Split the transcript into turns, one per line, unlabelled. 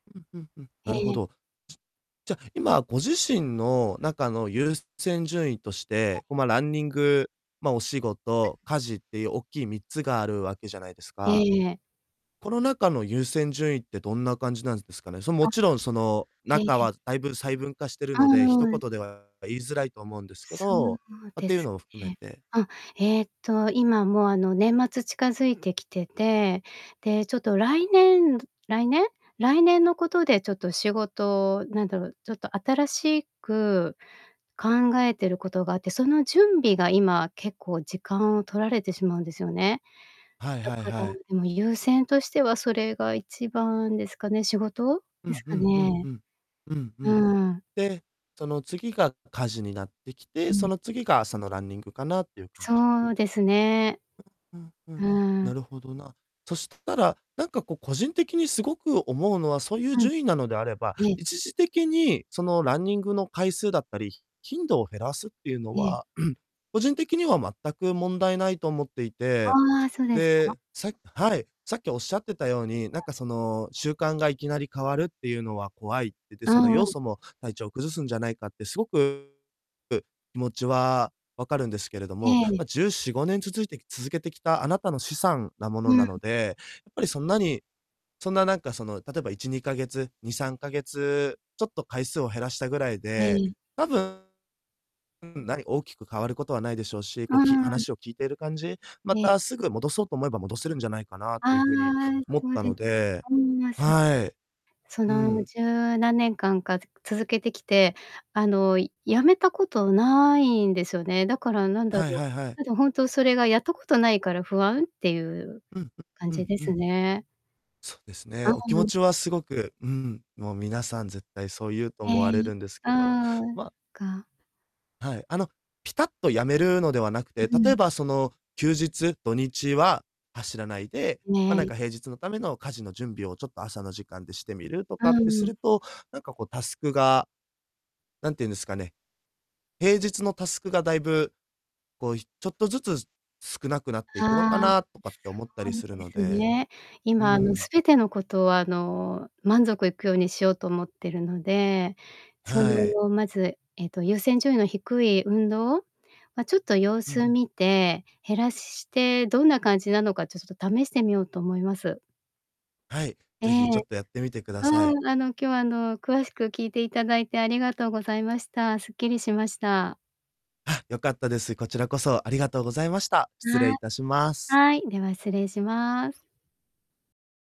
うん、ふんふん。
へ
なるほ
え。
ど。じゃ、今、ご自身の中の優先順位とし
あ。
て、こ、ま、ランニング、ま、お仕
[unintelligible]
事、家事っていう大きい3つがあるわけじゃないです
え
か。
え。
この中の優先順位ってどんな感じなんですかね？そ、も
あ、
ちろん、その、
へ、
中
え。
はだいぶ細分化してる
ああ、
ので、一
うん。
言では言いづらいと思うんですけ
そう
ど、ま、っ
で
ていう
す
のを含め
ね。
て
うん、えっと、今もう、あの、年末近づいてきてて、で、ちょっと来年度来年来年のことで、ちょっと仕事なんだろう、ちょっと新しく考えてることがあって、その準備が、今、結構時間を取られてしまうんですよね。
はい
だ
はい
から、
はい。
あの、優先としてはそれが1番ですかね、仕事
う
です
んう
か
んうん、
ね。
ふん。うん、ふ
う
ん。
ーん。
で、その次が家事になってきて、
う
そ
ん。
の次が朝のランニングかなってゆう感じ
そうですね。
うん、ふ
う
ん、
ー
な
ん。
るほどな。そしたら、なんかこう、個人的にすごく思うのは、そうゆう
うん。
順位なのであれば、
ええ。
一時的に、その、ランニングの回数だったり、ひ頻度を減らすってゆうの
ええ。
は、個人的には全く問題ないと思っていて、
ああ、そ、ですか？
で、さはい。さっきおっしゃってたように、な
う
ん
ん。
か、その、習慣がいきなり変わるってゆうのは怖いって、で、
う
その、
んう
要
ん。
素も体調を崩すんじゃないかってすごく、気持ちはわかるんですけれど
え
も、
え。
ま、14、5年続いて続けてきたあなたの資産なもの
うん。
なので、やっぱりそんなに、そんななんか、その、例えば1、2ヶ月2、3ヶ月、ちょっと回数を減らしたぐらい
え
で、
い。
多分、うん、ない大きく変わることはないでしょうし、
う
こう、き
ーん。
話を聞いてる感じ、ま
え。
たすぐ戻そうと思えば、戻せるんじゃないかなっていう
あ
ふうに
あ、
思っ
そう
た
です
の
か。
で
うーん、そ
はい。
そ
う
の、
ん。
十何年間か、つ続けてきて、あの、いやめたことないんですよね。だからなんだ
はい
ろう、
はいはい。
ただ、ほんとそれが、やったことないから不安ってゆう
うん、
感
う
じ
ん
で
う
す
ん。
ね。
そうです
あ
ね。
あ、
お気持
うん。
ちはすごくうん、もう皆さん絶対そう言うと
へ
思われ
え、
るんですけど。
ああ、
まあ
か。
はい、あの、ピタッとやめるのではなくて、
う
例
ん。
えばその、休日土日は走らないで、ま、なん
ね。
か平日のための家事の準備を、ちょっと朝の時間でしてみると
ああ、
かっ
う
てす
ん。
ると、なんかこう、タスクが、なんて言うんですかね、平日のタスクがだいぶ、こう、ひちょっとずつ、少なくなっていくのか
ああ、
なとかって思ったりする
す
の
すそうです
で。
ね。
う
今、あの、
ん。
全てのことを、あの、満足いくようにしようと思ってるので、そ
はい。
の、まず、えっと、優先順位の低い運動、ま、ちょっと様
うん。
子見て、減らしてどんな感じなのか、ちょっちょっと試してみようと思います。
はい。
え
是非、ちょ
え。
っとやってみてくだ
ああ、
さい。
あの、今日、あの、詳しく聞いていただいてありがとうございました。すっきりしました。
は、よかったです。こちらこそありがとうございました。失礼
はい。
致します。
はい。では、失礼します。